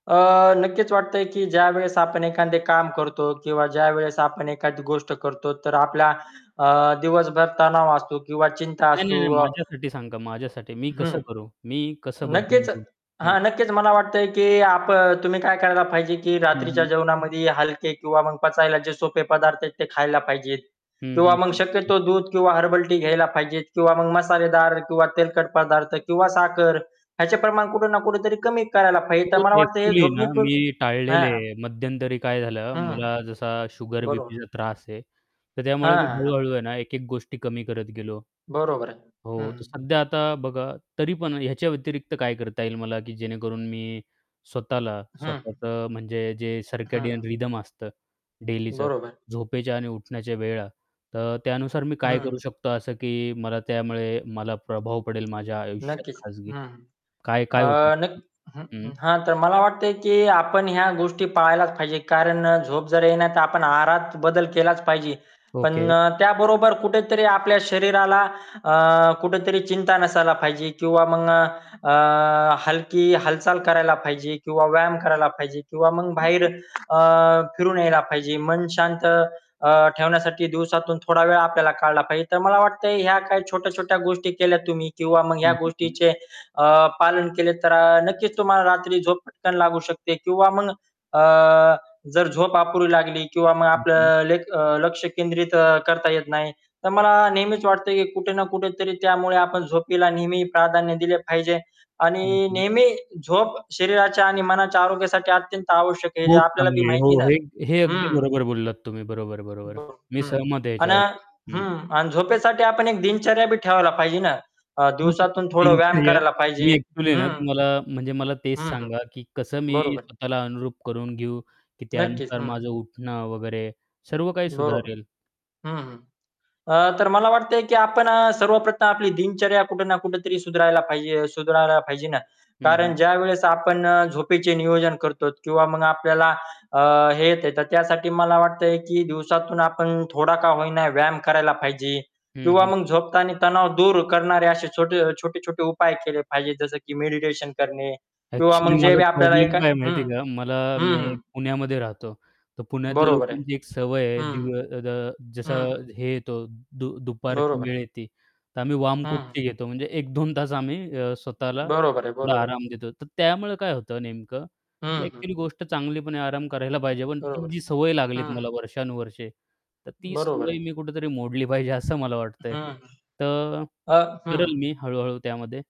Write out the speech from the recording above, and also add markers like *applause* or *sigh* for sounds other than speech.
अ, नक्कीच वाटतंय की ज्यावेळेस आपण एखादे काम करतो किंवा ज्यावेळेस आपण एखादी गोष्ट करतो, तर आपला अ, दिवसभर तणाव असतो, किंवा चिंता नाही, असु नाही, नाही माझ्यासाठी सांगा. माझ्यासाठी मी कसं हं, करू, मी कसं बदलून नक्कीच. घेऊ. हं. हां, नक्कीच मला वाटतंय की आप तुम्ही काय करायला पाहिजे, की हं, रात्रीच्या हं. जेवणामध्ये हलके किंवा मग पचायला जे सोपे पदार्थ येत, ते खायला पाहिजेत. हं, किंवा हं, मग हं, हं, हं. शक्यतो दूध किंवा हर्बल टी घ्यायला पाहिजेत. किंवा मग मसालेदार किंवा तेलकट पदार्थ, किंवा साखर ह्याचे प्रमाण कुठं ना कुठे तरी कमी करायला पाहिजे. तर हो, मला ते वाटतं, हे ॲक्च्युअली ना, झोपणे पुर मी टाळलेले हां. आहे. मध्यंतरी काय झालं, हं, हं. मला जसा शुगर, बरोबर. बीपीचा त्रास आहे, तर हां, त्यामुळे मी हां, हां. हळू-हळू आहे ना, एक-एक गोष्टी कमी करत गेलो. बरोबर आहे. हो, तर हं. सध्या आता बघा तरी पण ह्याच्या व्यतिरिक्त काय करता येईल मला, की जेणेकरून मी स्वतःला, हं, हं. स्वतःचं म्हणजे जे हं. सर्केडियन रिदम असतं, डेलीचं बरोबर. झोपेच्या आणि उठण्याच्या वेळा, तर त्यानुसार मी *unintelligible* काय करू हं. शकतो, असं की मला त्यामुळे मला प्रभाव पडेल माझ्या आयुष्यात. नक्कीच, खाजगी हं, हं. काय-काय. *unintelligible* अ, नक्की हं, हं. हां, तर मला वाटतेय, की आपण ह्या गोष्टी पाळायलाच पाहिजे. कारण झोप जर ये नाही, तर आपण आहारात बदल केलाच पाहिजे. पण, ओके. त्याबरोबर कुठेतरी आपल्या शरीराला अ, कुठेतरी चिंता नसायला पाहिजे. किंवा मग अ, हलकी हालचाल करायला पाहिजे किंवा व्यायाम करायला पाहिजे किंवा मग हं, बाहेर हं. अ, फिरून यायला पाहिजे. मन शांत अ, ठेवण्यासाठी दिवसातून थोडा वेळ आपल्याला काढला पाहिजे. तर मला वाटतं, ह्या काही छोट्या-छोट्या गोष्टी केल्या तुम्ही, किंवा मग ह्या हं, हं, हं. गोष्टीचे अ, पालन केले, तर नक्कीच तुम्हाला रात्री झोप पटकन लागू शकते. किंवा मग अ, जर झोप अपुरी लागली किंवा मग हं, हं. आपलं लेक लक्ष केंद्रित करता येत नाही, तर मला नेहमीच वाटतं, की कुठे ना कुठे तरी त्यामुळे आपण झोपीला नेहमी प्राधान्य दिले पाहिजे. हं, आणि हं. नेहमी झोप शरीराच्या आणि मनाच्या आरोग्यासाठी अत्यंत आवश्यक आहे, जे खूप आपल्याला बी चांगली आहे. माहिती हो, ना. हे हे अगदी हं. बरोबर बोललात तुम्ही. बरोबर, बरोबर ब मी हं. सहमत आहे अन् अ याच्यावर. हं. हं. आणि झोपेसाठी आपण एक दिनचर्या बी ठेवायला पाहिजे ना. अ, *unintelligible* दिवसातून थोडा व्यायाम दिनचर्या करायला मी पाहिजे. ॲक्च्युअली ना, हं. तुम्हाला म्हणजे मला तेच हं, हं. सांगा, की कसं मी बरोबर. स्वतःला अनुरूप करून घेऊ, की नक्कीच. त्यानुसार हं. माझं उठणं वगैरे सर्व काही बरोबर. सुधारेल. हं, हं. अ, तर मला वाटतंय, की आपण सर्वप्रथम आपली दिनचर्या कुठे ना कुठे तरी सुधारला पाहिजे, सुधारला पाहिजे ना. हं, हं. कारण ज्यावेळेस आपण झोपेचे नियोजन करतोत किंवा मग आपल्याला अ, हे येत, तर त्यासाठी मला वाटतंय, की दिवसातून आपण थोडा का होईना व्यायाम करायला पाहिजे. हं, किंवा हं. मग झोपतानी तणाव दूर करणारे असे छोटे-छोटे-छोटे उपाय केले पाहिजे. जसं की मेडिटेशन करणे, किंवा मग ॲक्च्युअली, जे माझा वेळ आपल्याला प्रॉब्लेम एका काय हं. माहिती आहे का? मला हं, मी हं. पुण्यामध्ये राहतो, तर पुण्यातल्या बरोबर आहे. लोकांची एक सवय आहे. हं. दिन द जसं हं. हे येतो, दु दुपारची बरोबर वेळ आहे. येते, तर आम्ही हं, हं. वामकुक्षी घेतो. म्हणजे 1-2 तास आम्ही अ, स्वतःला बरोबर आहे, थोडा बरोबर आहे. आराम देतो. तर त्यामुळे काय होतं नेमकं, की हं, हं. ॲक्च्युअली गोष्ट चांगलीपण आहे आराम करायला पाहिजे पण, ती बरोबर. जी सवय लागलीत हं, हं मला वर्षानुवर्षे, तर ती बरोबर सवय आहे. मी कुठेतरी मोडली पाहिजे, असं मला वाटतंय. हं, हं. तर अ करेल हं. मी हळू-हळू त्यामध्ये.